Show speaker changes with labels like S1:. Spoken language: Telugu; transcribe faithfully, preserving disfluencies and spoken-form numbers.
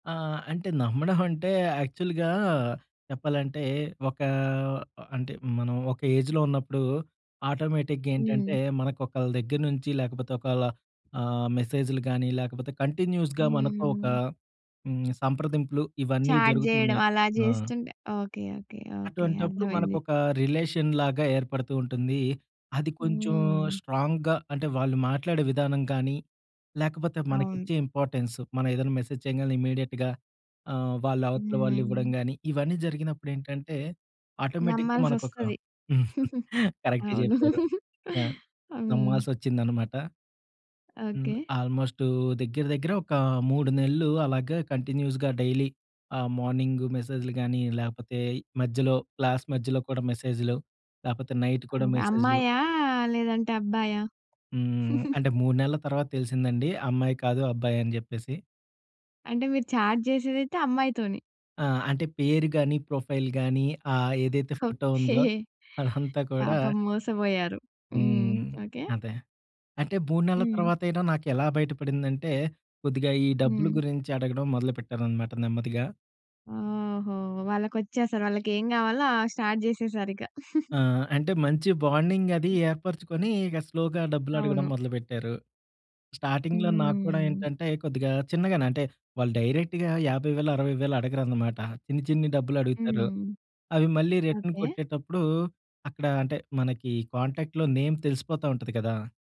S1: ఆ అంటే నమ్మడం అంటే యాక్చువల్‌గా చెప్పాలంటే ఒక అంటే మనం ఒక ఏజ్‌లో ఉన్నప్పుడు ఆటోమేటిక్‌గా ఏంటంటే
S2: హ్మ్.
S1: మనకు ఒకళ్ళ దగ్గర నుంచి లేకపోతే ఒకళ్ళ ఆహ్, మెసేజ్‌లుగానీ లేకపోతే కంటిన్యూస్‌గా మనతో ఒక
S2: హ్మ్.
S1: హ్మ్. సంప్రదింపులు ఇవన్నీ
S2: చాట్ చేయడం.
S1: జరుగుతున్నాయి.
S2: అలా
S1: ఆ!
S2: చేస్తుంటే ఓకే. ఓకే. ఓకే.
S1: అటువంటప్పుడు
S2: అర్థమైంది.
S1: మన‌కోక రిలేషన్ లాగా ఏర్పడుతూ ఉంటుంది. అది కొంచెం
S2: హ్మ్.
S1: స్ట్రాంగ్‌గా అంటే వాళ్ళు మాట్లాడే విధానం కానీ లేకపోతే మనకి
S2: అవును.
S1: ఇచ్చే ఇంపార్టెన్సు మనం ఏదైనా మెసేజ్ చేయంగాలనే ఇమ్మీడియేట్‌గా ఆహ్, వాళ్ళ అవతల వాళ్ళు ఇవ్వడం
S2: హ్మ్.
S1: కానీ, ఇవన్నీ జరిగినప్పుడేంటంటే ఆటోమేటిక్‌గా మనకు ఒక
S2: నమ్మాల్సొస్తది.
S1: కరెక్ట్
S2: అవును.
S1: చెప్పారు. యాహ్!
S2: ఆహ్, హ్మ్.
S1: నమ్మాల్సొచ్చిందనమాట. హ్మ్.
S2: ఓకే.
S1: ఆల్మోస్టు దగ్గర దగ్గర ఒక మూడు నెలలు అలాగే కంటిన్యూస్‌గా డైలీ ఆహ్, మార్నింగు మెసేజ్‌లు గానీ, లేపోతే మధ్యలో క్లాస్ మధ్యలో కూడా మెసేజ్‌‌లు, లేపోతే నైట్
S2: ఆహ్,
S1: కూడా
S2: హ్మ్.
S1: మెసేజ్‌లు.
S2: అమ్మాయా? లేదంటే అబ్బాయా?
S1: హ్మ్. అంటే మూడు నెలల తర్వాత తెలిసిందండి అమ్మాయి కాదు అబ్బాయ‌ని జేప్పేసి.
S2: అంటే మీరు చాట్ చేసేదైతే అమ్మాయితోని.
S1: ఆహ్, అంటే పేరు గాని, ప్రొఫైల్ గానీ ఆ! ఏదైతే ఫోటో
S2: ఓకే.
S1: ఉందో అదంతా కూడా
S2: పాపం మోసపోయారు. హ్మ్.
S1: హ్మ్.
S2: ఓకే.
S1: అదే. అంటే మూడు నెలల
S2: హ్మ్.
S1: తర్వాతైనా నాకేలా బయటపడిందంటే కొద్దిగా ఈ డబ్బులు
S2: హ్మ్.
S1: గురించి అడగడం మొదలుపెట్టారనమాట నెమ్మదిగా.
S2: ఓహో! వాళ్ళకొచ్చిసలు వాళ్ళకేం కావాలో ఆ స్టార్ట్ చేసేసారు ఇక.
S1: ఆహ్, అంటే మంచి బాండింగ్ అది
S2: హ్మ్.
S1: ఏర్పరుచుకొని ఇక స్లోగా డబ్బులు అడగడం
S2: అవును.
S1: మొదలుపెట్టారు. స్టార్టింగ్‌లో నాకూడా
S2: హ్మ్.
S1: ఏంటంటే కొద్దిగా చిన్నగానే అంటే వాళ్ళు డైరెక్ట్‌గా యాభై వేలు అరవై వేలు అడగరనమాట. చిన్ని చిన్ని డబ్బులు అడుగుతారు.
S2: హ్మ్.
S1: అవి మళ్ళీ రిటర్న్
S2: ఓకే.
S1: కొట్టేటప్పుడు అక్కడ అంటే మనకి కాంటాక్ట్‌లో నేమ్ తెలిసిపోతా ఉంటది కదా!